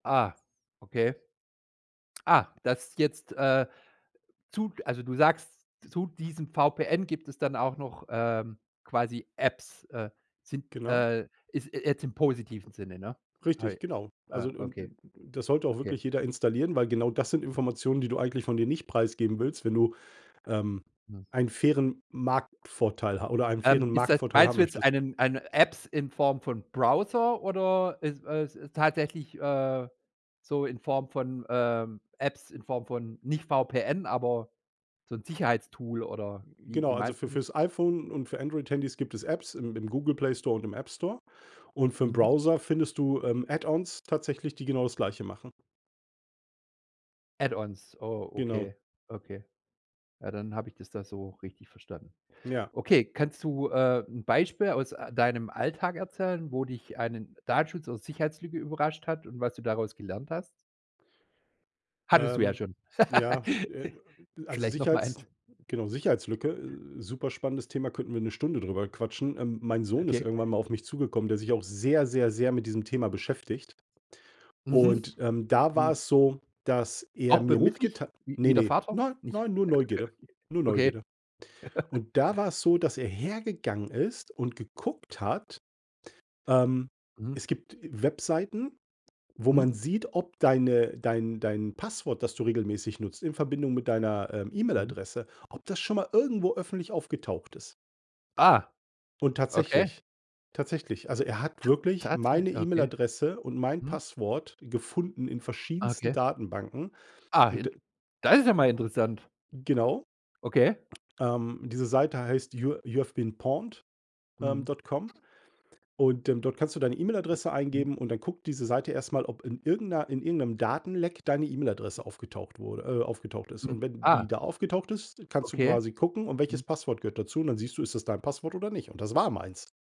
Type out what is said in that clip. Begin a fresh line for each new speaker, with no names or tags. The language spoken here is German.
Ah, okay. Ah, das jetzt, äh, zu also, du sagst, zu diesem VPN gibt es dann auch noch, ähm, quasi Apps, äh, sind,
Genau.
äh ist jetzt im positiven Sinne, ne?
Richtig,
Hei
genau.
Ah,
Also, und
okay
und das sollte auch
okay.
wirklich jeder installieren, weil genau das sind
Mhm.
Informationen, die du eigentlich von dir nicht preisgeben willst, wenn du, ähm,
Hm.
einen fairen Marktvorteil ha oder einen
Ähm,
fairen
ist das
Marktvorteil
meinst
haben
du jetzt
möchtest.
einen eine Apps in Form von Browser oder ist äh, tatsächlich, äh, so in Form von, ähm, Apps, in Form von nicht VPN, aber so 'n Sicherheitstool oder
M m
wie
genau,
wie
also,
meinst
für
du das?
fürs iPhone und für Android Handys gibt es Apps im im Google Play Store und im App Store und für 'n
Mhm.
Browser findest du, ähm, Add-ons tatsächlich, die genau das Gleiche machen.
Add-ons, oh,
Genau.
okay, okay. Ja, dann habe ich das da so richtig verstanden.
Ja.
Okay, kannst du, äh, 'n Beispiel aus, äh, deinem Alltag erzählen, wo dich einen Datenschutz aus Sicherheitslücke überrascht hat und was du daraus gelernt hast? Hattest du ja
Ähm,
schon.
ja, äh, also,
Vielleicht noch mal
Sicherheits
eins.
genau, Sicherheitslücke, äh, superspannendes Thema, könnten wir 'ne Stunde drüber quatschen. Ähm, mein Sohn ist
Okay.
irgendwann mal auf mich zugekommen, der sich auch sehr, sehr, sehr mit diesem Thema beschäftigt.
Mhm.
Und, ähm, da war
Hm.
es so, dass er
Auch
mir
beruflich,
mitgetei
w
Ne,
wie der
ne.
Vater?
Nein
Nicht,
nein, nur Neugierde, nur
okay.
Neugierde. Und da war es so, dass er hergegangen ist und geguckt hat ähm,
Mhm.
es gibt, äh, Webseiten, wo
Mhm.
man sieht, ob deine dein dein Passwort, das du regelmäßig nutzt in Verbindung mit deiner, ähm,
Mhm.
E-Mail-Adresse, ob das schon mal irgendwo öffentlich aufgetaucht ist.
Ah.
Und tatsächlich
Okay.
tatsächlich, also, er hat wirklich
Tatsäch
meine
okay.
E-Mail-Adresse und mein
Mhm.
Passwort gefunden in
Ah,
verschiedensten
okay.
Datenbanken
Ah,
und
in
d
Das ist ja mal interessant.
Genau.
Okay.
Ähm, diese Seite heißt you you have been pawned, ähm,
Mhm.
dot com und, ähm, dort kannst du deine
M
E-Mail-Adresse
mhm.
eingeben und dann guckt diese Seite erst mal, ob in irgend 'ner in irgend 'nem Datenleck deine E-Mail-Adresse aufgetaucht wurde äh, aufgetaucht ist.
Mhm,
Und wenn
ah.
die da aufgetaucht ist, kannst du
Okay.
quasi gucken, und welches
Mhm.
Passwort gehört dazu? Und dann siehst du, ist das dein Passwort oder nicht? Und das war meins.